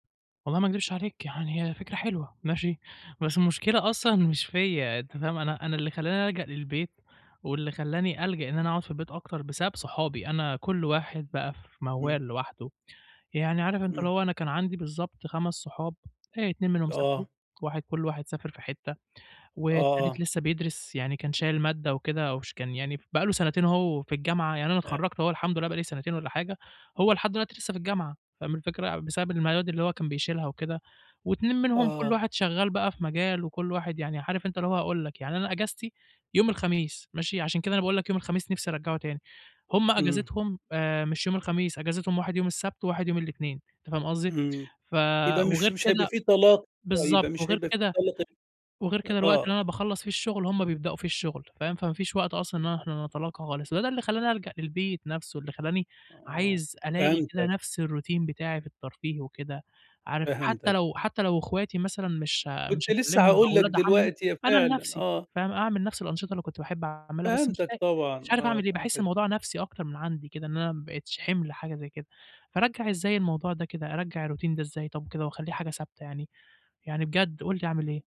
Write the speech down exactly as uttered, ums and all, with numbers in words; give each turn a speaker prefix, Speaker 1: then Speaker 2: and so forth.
Speaker 1: والله ما اكدبش عليك يعني، هي فكرة حلوة، ماشي بس المشكلة أصلًا مش فيّا أنت فاهم؟ أنا أنا اللي خلّاني الجأ للبيت، واللي خلّاني ألجأ إن أنا اقعُد في البيت أكتر بسبب صحابي، أنا كل واحد بقى في
Speaker 2: إمم.
Speaker 1: موال لوحده، يعني عارف أنت اللي
Speaker 2: إمم.
Speaker 1: هو أنا كان عندي بالضبط خمس صحاب آآ، اتنين منهم سافروا،
Speaker 2: آه.
Speaker 1: واحد كل واحد سافر في حتة،
Speaker 2: آه،
Speaker 1: والتالت
Speaker 2: آه.
Speaker 1: لسه بيدرس يعني كان شايل مادة وكده، وش كان يعني ف بقى له سنتين اهو في الجامعة، يعني أنا
Speaker 2: أ
Speaker 1: اتخرّجت اهو الحمد لله بقى لي سنتين والّا حاجة، هو لحد الوقتي لسه في الجامعة فاهم الفكرة؟ يع بسبب المياد اللي هو كان بيشيلها وكده واتنين منهم كل
Speaker 2: آه.
Speaker 1: واحد شغال بقى في مجال وكل واحد يعني عارف أنت اللي هو هاقول لك، يعني أنا أجازتي يوم الخميس ماشي، عشان كده أنا باقول لك يوم الخميس نفسي ارجّعه تاني، هُم
Speaker 2: إمم.
Speaker 1: أجازتهم آآ، مش يوم الخميس، أجازتهم واحد يوم السبت واحد يوم الإتنين أنت فاهم قصدي؟
Speaker 2: إمم،
Speaker 1: ف
Speaker 2: يبقى مش
Speaker 1: وغير
Speaker 2: مش هيبقى
Speaker 1: كده
Speaker 2: في طلّات آه، يبقى
Speaker 1: بالضبط،
Speaker 2: مش
Speaker 1: وغير
Speaker 2: هيبقى في
Speaker 1: كده
Speaker 2: طلّة تانية
Speaker 1: وغير كده
Speaker 2: أ
Speaker 1: الوقت اللي أنا
Speaker 2: آه.
Speaker 1: باخلّص في الشغل هُم بيبدأوا فيه الشغل فاهم؟ فما فيش وقت أصلًا إن احنا نتلاقى خالص، هو ده اللي خلّاني الجأ للبيت نفسه، اللي خلّاني
Speaker 2: آه،
Speaker 1: عايز ألاقي كده
Speaker 2: فهمتك.
Speaker 1: نفس الروتين بتاعي في الترفيه وكده عارف، حتى
Speaker 2: فهمتك.
Speaker 1: لو حتى لو اخواتي مثلًا مش ها مش
Speaker 2: كنت لسه
Speaker 1: هاكلمهم
Speaker 2: هاقول
Speaker 1: أو
Speaker 2: لك
Speaker 1: ولاد عمي
Speaker 2: دلوقتي، يا
Speaker 1: أنا
Speaker 2: فعلًا،
Speaker 1: لنفسي
Speaker 2: آه.
Speaker 1: فاهم، أعمل نفس الأنشطة اللي كنت باحب اعملها بس مش
Speaker 2: فهمتك
Speaker 1: لاقي، مش
Speaker 2: طبعًا
Speaker 1: عارف
Speaker 2: آه،
Speaker 1: اعمل إيه. باحس
Speaker 2: فهمتك.
Speaker 1: الموضوع نفسي أكتر من عندي كده إن أنا ما بقيتش حِمل حاجة زي كده، فارجّع إزاي الموضوع ده كده ارجّع الروتين ده إزاي طب وكده، واخلّيه حاجة ثابتة يعني؟ يعني بجد قُل لي أعمل إيه.